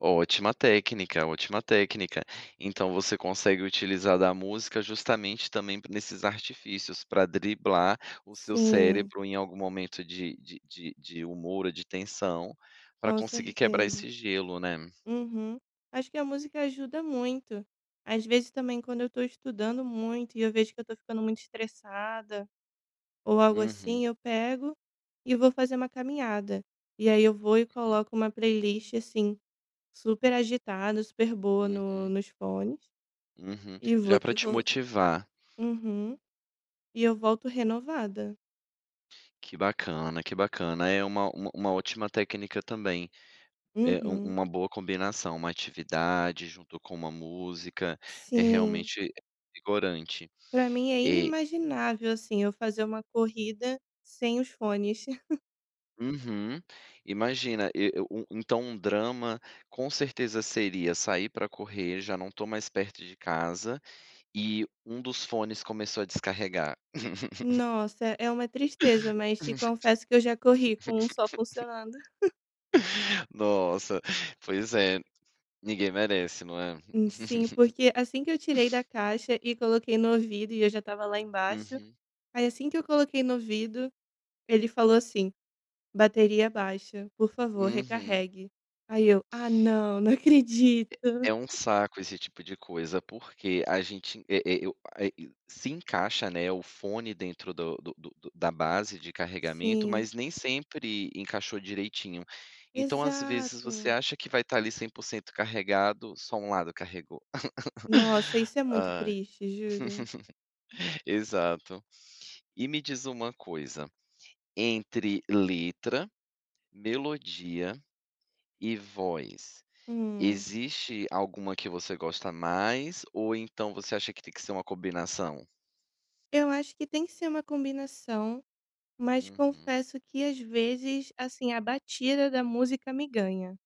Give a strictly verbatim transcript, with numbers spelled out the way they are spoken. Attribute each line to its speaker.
Speaker 1: Ótima técnica, ótima técnica. Então você consegue utilizar da música justamente também nesses artifícios pra driblar o seu
Speaker 2: Sim.
Speaker 1: cérebro em algum momento de de de de humor ou de tensão, pra
Speaker 2: Com
Speaker 1: conseguir quebrar
Speaker 2: certeza.
Speaker 1: esse gelo, né.
Speaker 2: Uhum. Acho que a música ajuda muito. Às vezes também quando eu tô estudando muito e eu vejo que eu tô ficando muito estressada ou algo
Speaker 1: Uhum.
Speaker 2: assim, eu pego e vou fazer uma caminhada. E aí eu vou e
Speaker 1: Uhum.
Speaker 2: coloco uma playlist, assim, super agitada, super boa no
Speaker 1: Uhum.
Speaker 2: nos fones
Speaker 1: Uhum.
Speaker 2: e vou
Speaker 1: Já pra
Speaker 2: que
Speaker 1: te
Speaker 2: vou.
Speaker 1: motivar.
Speaker 2: Uhum. E eu volto renovada.
Speaker 1: Que bacana, que bacana. É uma uma uma ótima técnica também, eh, um um
Speaker 2: Uhum.
Speaker 1: uma boa combinação. Uma atividade junto com uma música, é
Speaker 2: Sim.
Speaker 1: realmente revigorante.
Speaker 2: Para mim é
Speaker 1: E
Speaker 2: inimaginável, assim, eu fazer uma corrida sem os fones.
Speaker 1: Uhum. Imagina e u u então um drama com certeza seria sair pra correr, já não tô mais perto de casa e um dos fones começou a descarregar.
Speaker 2: Nossa, é uma tristeza, mas te confesso que eu já corri com um só funcionando.
Speaker 1: Nossa, pois é, ninguém merece, não é.
Speaker 2: E sim, porque assim que eu tirei da caixa e coloquei no ouvido e eu já estava lá embaixo,
Speaker 1: Uhum.
Speaker 2: aí assim que eu coloquei no ouvido, ele falou assim: "Bateria baixa, por favor
Speaker 1: Uhum.
Speaker 2: recarregue". Aí eu: "Ah não, não acredito".
Speaker 1: É é um saco esse tipo de coisa, porque a gente e e o a se encaixa, né, o fone dentro do do do da base de carregamento,
Speaker 2: Sim.
Speaker 1: mas nem sempre encaixou direitinho. Então às vezes você
Speaker 2: Exato.
Speaker 1: acha que vai estar ali cem por cento carregado, só um lado carregou.
Speaker 2: Nossa, isso é muito
Speaker 1: Ai.
Speaker 2: triste, juro.
Speaker 1: Exato. E me diz uma coisa, entre letra, melodia e voz,
Speaker 2: Hum.
Speaker 1: existe alguma que você gosta mais ou então você acha que tem que ser uma combinação?
Speaker 2: Eu acho que tem que ser uma combinação, mas
Speaker 1: Uhum.
Speaker 2: confesso que às vezes, assim, a batida da música me ganha.